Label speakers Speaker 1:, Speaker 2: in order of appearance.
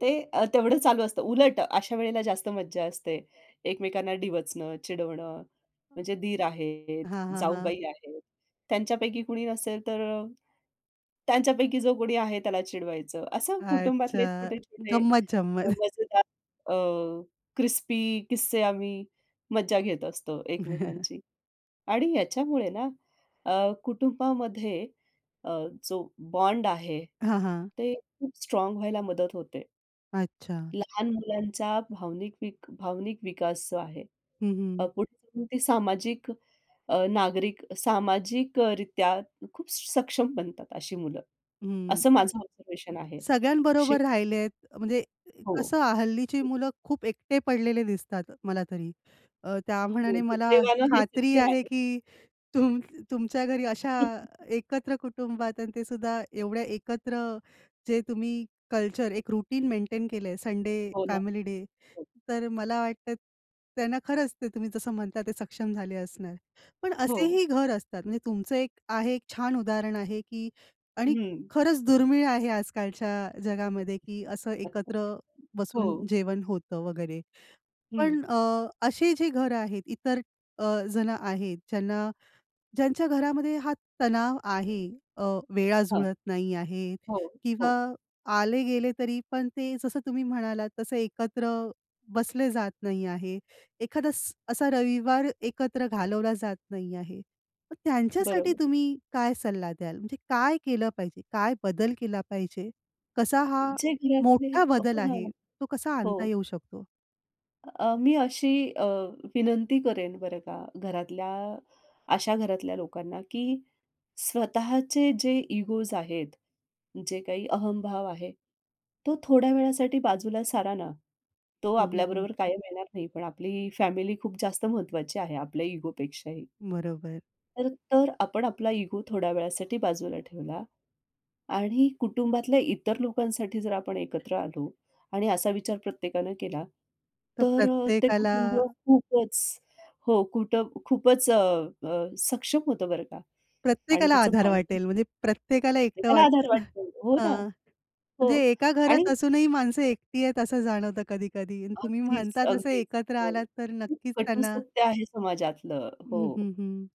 Speaker 1: ते तेवढं चालू असतं. उलट अशा वेळेला जास्त मज्जा असते. एकमेकांना डिवचणं, चिडवणं, म्हणजे दीर आहेत,
Speaker 2: हां, हां, हां.
Speaker 1: जाऊबाई आहेत. त्यांच्यापैकी कुणी नसेल तर, त्यांच्यापैकी जो कोणी आहे त्याला चिडवायचं. असं कुटुंबातले
Speaker 2: अच्छा.
Speaker 1: छोटे-छोटे
Speaker 2: गंमत-जंमत.
Speaker 1: मजेदार, अ, क्रिस्पी किस्से आम्ही मज्जा घेत असतो एकमेकांची. आणि याच्यामुळे ना अ, कुटुंबामध्ये अ, जो बॉन्ड आहे
Speaker 2: हां, हां.
Speaker 1: ते खूप स्ट्राँग व्हायला मदत होते.
Speaker 2: अच्छा.
Speaker 1: लहान मुलांचा भावनिक वीक भावनिक विकास जो आहे.
Speaker 2: हं, हं.
Speaker 1: पुढे जाऊन ते सामाजिक अ, नागरिक सामाजिकरित्या खूप सक्षम बनतात अशी मुलं. असं
Speaker 2: हं.
Speaker 1: माझं ऑब्झर्वेशन आहे. शिव
Speaker 2: सगळ्यांबरोबर राहिलेत म्हणजे
Speaker 1: हो.
Speaker 2: कसं हल्लीची
Speaker 1: हो.
Speaker 2: मुलं खूप एकटे पडलेले दिसतात मला तरी. अ, त्या
Speaker 1: हो.
Speaker 2: मानाने मला
Speaker 1: दुर्दैवाने हे
Speaker 2: खात्री
Speaker 1: सत्य
Speaker 2: आहे
Speaker 1: आहे.
Speaker 2: की तुम तुमच्या घरी अशा एकत्र कुटुंबात. आणि ते सुद्धा एवढ्या एकत्र जे तुम्ही कल्चर एक रुटीन मेंटेन केल संडे
Speaker 1: हो ना.
Speaker 2: फॅमिली डे
Speaker 1: हो.
Speaker 2: तर मला वाटत त्यांना खरंच ते तुम्ही जसं म्हणताय ते सक्षम झाले असणार. पण
Speaker 1: हो.
Speaker 2: असेही घर असतात म्हणजे तुमचं एक आहे एक छान उदाहरण आहे की आणि
Speaker 1: हं.
Speaker 2: खरंच दुर्मिळ आहे आजकालच्या जगामध्ये की असं एकत्र बसून
Speaker 1: हो.
Speaker 2: जेवण होतं वगैरे.
Speaker 1: हं.
Speaker 2: पण अ, असे जे घरं आहेत इतर अ, जणं आहेत ज्यांना ज्यांच्या घरामध्ये हा तणाव आहे. अ, वेळा
Speaker 1: हां.
Speaker 2: जुळत नाही आहे
Speaker 1: हो, हो.
Speaker 2: किंवा आले गेले तरी पण ते जसं तुम्ही म्हणालात तसं एकत्र बसले जात नाही आहे. एखादा स्स-असा रविवार एकत्र घालवला जात नाही आहे. मग त्यांच्यासाठी
Speaker 1: बरोबर.
Speaker 2: तुम्ही काय सल्ला द्याल. म्हणजे काय केलं पाहिजे? काय बदल केला पाहिजे? कसा हा
Speaker 1: जे घरातले
Speaker 2: मोठा बदल आहे
Speaker 1: आहे.
Speaker 2: तो कसा
Speaker 1: [unintelligible]
Speaker 2: आणता
Speaker 1: हो.
Speaker 2: येऊ शकतो?
Speaker 1: अ, मी अशी अ, विनंती करेन बरं का घरातल्या अशा घरातल्या लोकांना की स्वतःचे जे इगोज आहेत. जे काही अहम भाव आहे तो थोड्या वेळासाठी बाजूला सारा ना. तो
Speaker 2: हं, हं, हं.
Speaker 1: आपल्याबरोबर कायम येणार नाही पण आपली फॅमिली खूप जास्त महत्त्वाची आहे आपल्या इगो पेक्षाही.
Speaker 2: बरोबर.
Speaker 1: तर तो आपण आपला इगो थोड्या वेळासाठी बाजूला ठेवला. आणि कुटुंबातल्या इतर लोकांसाठी जर आपण एकत्र आलो. आणि असा विचार प्रत्येकानं केला
Speaker 2: तर
Speaker 1: तर ते
Speaker 2: प्रत्येकाला
Speaker 1: कुटुंब खूपच हो. कुठं खूपच अ, सक्षम होतं बरं का आणि
Speaker 2: प्रत्येकाला
Speaker 1: त्याचं
Speaker 2: आधार
Speaker 1: बॉन्डिंग.
Speaker 2: वाटेल म्हणजे प्रत्येकाला एकटं
Speaker 1: प्रत्येकाला
Speaker 2: वाटतं.
Speaker 1: आधार वाटतो हो ना.
Speaker 2: हां.
Speaker 1: हो.
Speaker 2: म्हणजे एका
Speaker 1: आणि
Speaker 2: घरात असूनही माणसं एकटी आहेत असं जाणवतं कधी-कधी. आणि तुम्ही
Speaker 1: अगदीच,
Speaker 2: म्हणता तसं
Speaker 1: अगदीच.
Speaker 2: एकत्र आलात तर
Speaker 1: खूप
Speaker 2: नक्कीच
Speaker 1: कटू
Speaker 2: त्यांना
Speaker 1: सत्य आहे समाजातलं
Speaker 2: हं,
Speaker 1: हो.
Speaker 2: हं, हं.